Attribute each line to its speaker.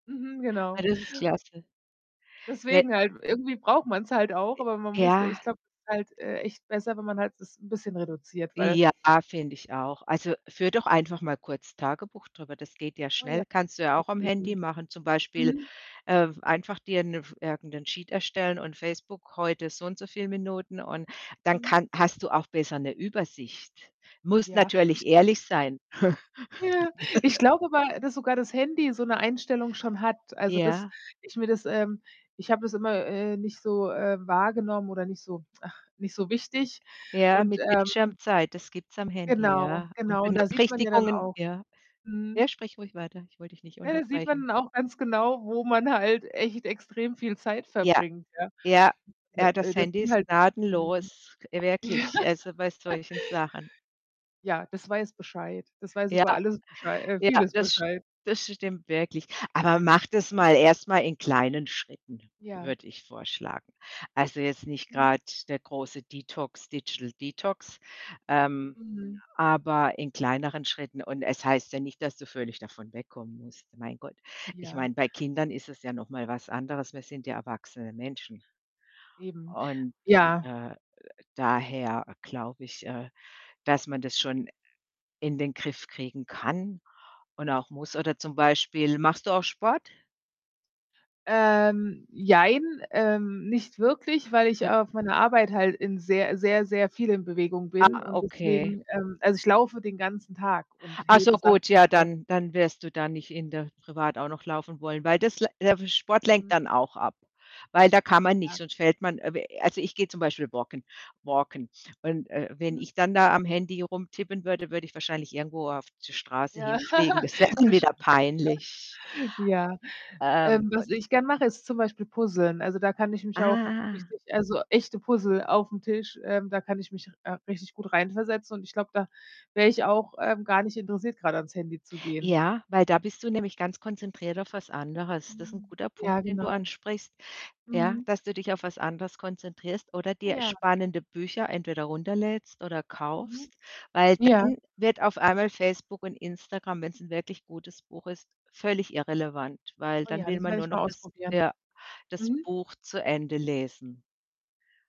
Speaker 1: Mhm,
Speaker 2: Ha,
Speaker 1: genau.
Speaker 2: das ist klasse. He
Speaker 1: Deswegen halt, irgendwie braucht man's halt auch,
Speaker 2: Äh,
Speaker 1: aber man muss ich
Speaker 2: ja.
Speaker 1: glaube es halt, äh, echt besser, wenn man halt das 'n bisschen reduziert, weil
Speaker 2: Ja, finde ich auch. Also, führe doch einfach mal kurz Tagebuch drüber, das geht ja
Speaker 1: Oh ja,
Speaker 2: schnell. Kannst du ja
Speaker 1: gute
Speaker 2: auch am
Speaker 1: Idee.
Speaker 2: Handy mache. Zum Beispiel,
Speaker 1: Mhm.
Speaker 2: ähm, einfach dir 'ne F irgendein Sheet erstellen und „Facebook, heute so und so viel Minuten" und dann
Speaker 1: Mhm.
Speaker 2: kann hast du auch besser 'ne Übersicht. Musst
Speaker 1: Ja, ich
Speaker 2: natürlich ehrlich sein.
Speaker 1: Ja, ich glaube aber, dass sogar das Handy so 'ne Einstellung schon hat. Also, dass
Speaker 2: Ja.
Speaker 1: ich mir das, ähm ich habe das immer, äh, nicht so, äh, wahrgenommen oder nicht so ach, nicht so wichtig.
Speaker 2: Ja,
Speaker 1: Und,
Speaker 2: mit
Speaker 1: ähm
Speaker 2: Bildschirmzeit, das gibt's am Handy,
Speaker 1: Genau,
Speaker 2: ja. Und
Speaker 1: genau, da sieht man ja dann
Speaker 2: Benachrichtigungen
Speaker 1: auch
Speaker 2: ja?
Speaker 1: mhm.
Speaker 2: Ja, sprich ruhig weiter, ich wollte dich nicht
Speaker 1: Ja, da sieht
Speaker 2: unterbrechen.
Speaker 1: man dann auch ganz genau, wo man halt echt extrem viel Zeit
Speaker 2: Ja,
Speaker 1: verbringt, ja.
Speaker 2: ja,
Speaker 1: D
Speaker 2: ja,
Speaker 1: äh,
Speaker 2: das
Speaker 1: das
Speaker 2: Handy
Speaker 1: sind
Speaker 2: ist
Speaker 1: halt mhm.
Speaker 2: gnadenlos, äh,
Speaker 1: Ja.
Speaker 2: wirklich, also bei solchen Sachen.
Speaker 1: Ja, das weiß Bescheid. Das weiß
Speaker 2: Ja,
Speaker 1: über alles Beschei äh,
Speaker 2: ja,
Speaker 1: vieles
Speaker 2: das st
Speaker 1: Bescheid.
Speaker 2: das stimmt wirklich. Aber mache das mal erst mal in kleinen Schritten,
Speaker 1: Ja.
Speaker 2: würde ich vorschlagen. Also, jetzt nicht
Speaker 1: Mhm.
Speaker 2: grade der große Detox Digital Detox, ähm,
Speaker 1: Mhm.
Speaker 2: aber in kleineren Schritten. Und es heißt ja nicht, dass du völlig davon wegkommen musst, mein Gott. Ich
Speaker 1: Ja.
Speaker 2: meine, bei Kindern ist es ja noch mal was anderes, wir sind ja erwachsene Menschen,
Speaker 1: Eben.
Speaker 2: und,
Speaker 1: Ja.
Speaker 2: äh, äh, daher glaube ich, äh, dass man das schon in den Griff kriegen kann und auch muss. Oder zum Beispiel machst du auch Sport?
Speaker 1: Ähm, jein, ähm, nicht wirklich, weil ich
Speaker 2: Ja.
Speaker 1: auf meiner Arbeit halt in sehr sehr, sehr viel in Bewegung
Speaker 2: Ah,
Speaker 1: bin und
Speaker 2: okay.
Speaker 1: deswegen, ähm, also, ich laufe den ganzen Tag und
Speaker 2: Ach so
Speaker 1: hebe Sachen
Speaker 2: gut,
Speaker 1: und
Speaker 2: tja,
Speaker 1: so.
Speaker 2: dann dann wirst du da nicht in der privat auch noch laufen wollen, weil das l der Sport lenkt
Speaker 1: Mhm.
Speaker 2: dann auch ab. Weil da kann man nicht,
Speaker 1: Ja.
Speaker 2: sonst fällt man, äh also, ich gehe zum Beispiel walken walken. Und, äh, wenn
Speaker 1: Mhm.
Speaker 2: ich dann da am Handy rumtippen würde, würde ich wahrscheinlich irgendwo auf die Straße
Speaker 1: Ja,
Speaker 2: hinfliegen. Das wär dann
Speaker 1: das
Speaker 2: wieder
Speaker 1: stimmt.
Speaker 2: peinlich.
Speaker 1: Ja.
Speaker 2: Ähm,
Speaker 1: Ähm, was
Speaker 2: [unintelligible]
Speaker 1: ich gern mache, ist zum Beispiel puzzlen. Also, da kann ich mich auch
Speaker 2: Ah.
Speaker 1: richtig also, echte Puzzle auf'm Tisch, ähm, da kann ich mich, äh, richtig gut reinversetzen und ich glaube, da wäre ich auch, ähm, gar nicht interessiert, grade ans Handy zu gehen.
Speaker 2: Ja, weil da bist du nämlich ganz konzentriert auf was anderes. Das ist 'n
Speaker 1: Hm.
Speaker 2: guter Punkt,
Speaker 1: Ja,
Speaker 2: den du
Speaker 1: genau.
Speaker 2: ansprichst, ja,
Speaker 1: Mhm.
Speaker 2: dass du dich auf was anderes konzentrierst oder dir
Speaker 1: Ja.
Speaker 2: spannende Bücher entweder runterlädst oder kaufst,
Speaker 1: Mhm.
Speaker 2: weil
Speaker 1: Ja.
Speaker 2: dann wird auf einmal Facebook und Instagram, wenn's 'n wirklich gutes Buch ist, völlig irrelevant, weil
Speaker 1: Oh
Speaker 2: dann
Speaker 1: ja,
Speaker 2: will
Speaker 1: das
Speaker 2: man
Speaker 1: werde
Speaker 2: nur
Speaker 1: ich
Speaker 2: noch
Speaker 1: mal
Speaker 2: des
Speaker 1: ausprobieren.
Speaker 2: ja das
Speaker 1: Mhm.
Speaker 2: Buch zu Ende lesen.